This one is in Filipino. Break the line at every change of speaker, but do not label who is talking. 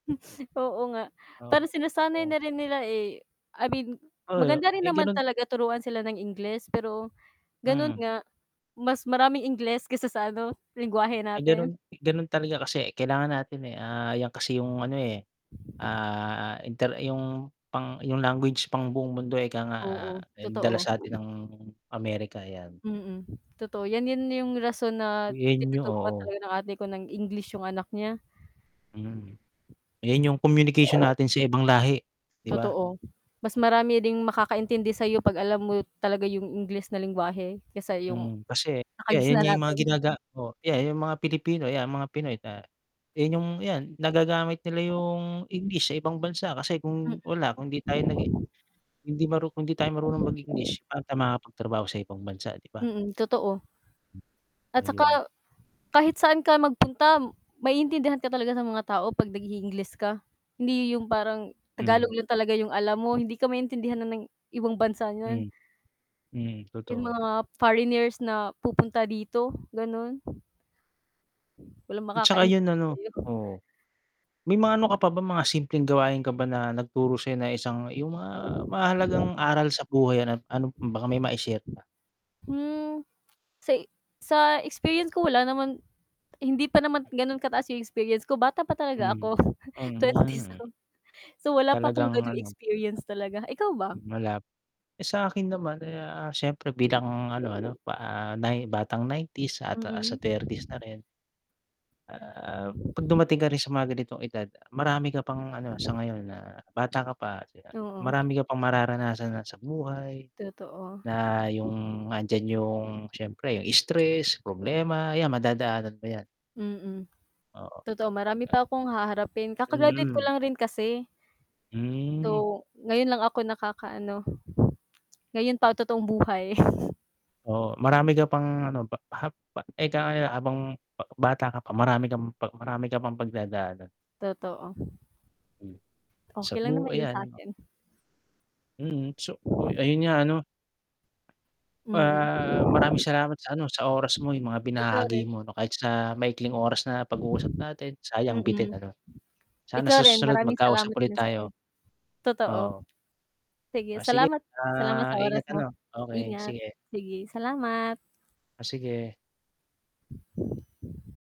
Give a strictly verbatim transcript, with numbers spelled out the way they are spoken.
Oo nga,
Oo,
pero sinasanay na
oo.
rin nila, eh, I mean
Oo,
maganda rin
eh,
naman
ganun.
talaga turuan sila ng Ingles pero ganun
Mhm.
nga, mas maraming Ingles kaysa sa ano, lengguwahe
Ay
natin.
ganun, ganun talaga kasi kailangan natin, eh, ah, 'yan kasi yung ano, eh, ah, inter yung pang yung language pang buong mundo, eh, kaya nga
Oo, totoo.
dala sa'tin ng Amerika 'yan.
Mm, totoo 'yan yun yung rason na
Henyo,
tinuturuan
oo.
talaga ng ate ko ng English yung anak niya.
Mhm, ayan yung communication natin sa ibang lahi, 'di ba?
Totoo, mas marami ring makakaintindi sa'yo 'pag alam mo talaga yung English na lengguwahe kaysa yung
Mm, kasi ya yun
nakagisnan
yung mga
natin.
ginaga oh, 'yan yung mga Pilipino 'yan mga Pinoy, ah, yun yung 'yan nagagamit nila yung English sa ibang bansa kasi
Mm.
kung wala kung 'di tayo nagi hindi maru kung hindi tayo marunong mag English pagtrabaho sa ibang bansa, 'di ba?
Mm, totoo.
Hmm,
At 'tsaka
ayun.
kahit saan ka magpunta maiintindihan ka talaga sa mga tao, 'pag nag-iingles ka hindi yung parang Tagalog
Mhm.
lang talaga yung alam mo, hindi ka maintindihan ng ibang bansa n'yan
Mhm, mhm,
Yung
totoo.
mga foreigners na pupunta dito, ganun. Walang
At 'tsaka yun
makakaintindi
ano,
sa'yo.
oo. May mga ano ka pa ba mga simpleng gawain ka ba na nagturo sa'yo na isang yung mga mahahalagang aral sa buhay at ano baka may mai-share ka.
Hmm, sa, sa experience ko wala naman, hindi pa naman gano'n kataas yung experience ko bata pa talaga
Mhm,
ako
mhm,
twenties.
hmm.
So, wala pa akong
Talagang
gano'n
ano.
experience talaga, ikaw ba?
Malap eh, sa'kin naman, eh, ah, siyempre bilang ano, 'no, ano pa nay batang nineties at sa
Mhm.
thirties na rin. Ah, ah, 'pag dumating ka rin sa mga ganitong edad marami ka pang ano sa ngayon na bata ka pa,
Oo.
marami ka pang mararanasan na sa buhay
Totoo.
na yung nand'yan yung siyempre yung stress, problema 'yan madadaanan mo 'yan.
Mm,
Oo,
totoo marami
ah.
pa 'kong haharapin, kaka-graduate ko
Mhm.
lang rin kasi.
Hmm.
So, ngayon lang ako nakakaano. Ngayon pa totoong buhay.
Oo marami ka pang ano pa, hap pa eh, kaaya, eh, habang b bata ka pa marami kang pa marami ka pang pagdadaanan.
Totoo.
Hmm, sa
Okey lang
bu
naman yun
ayan.
sa'kin.
Mhm, so, oy, ayun nga ano.
Mm.
Ah, maraming salamat sa ano sa oras mo, yung mga
Ikaw
binahagi
rin.
mo kahit sa maikling oras na pag-uusap natin sayang bitin
Mm.
ano, sana
Ikaw
sa
rin
susunod
maraming
magkausap
salamat
ulit
din sa-'yo
tayo,
totoo.
oo.
Sige
Ah, sige,
salamat, salamat
ah,
sa oras
ingat
mo.
ano. Okey
Ingat,
sige.
sige, salamat.
Oh, sige.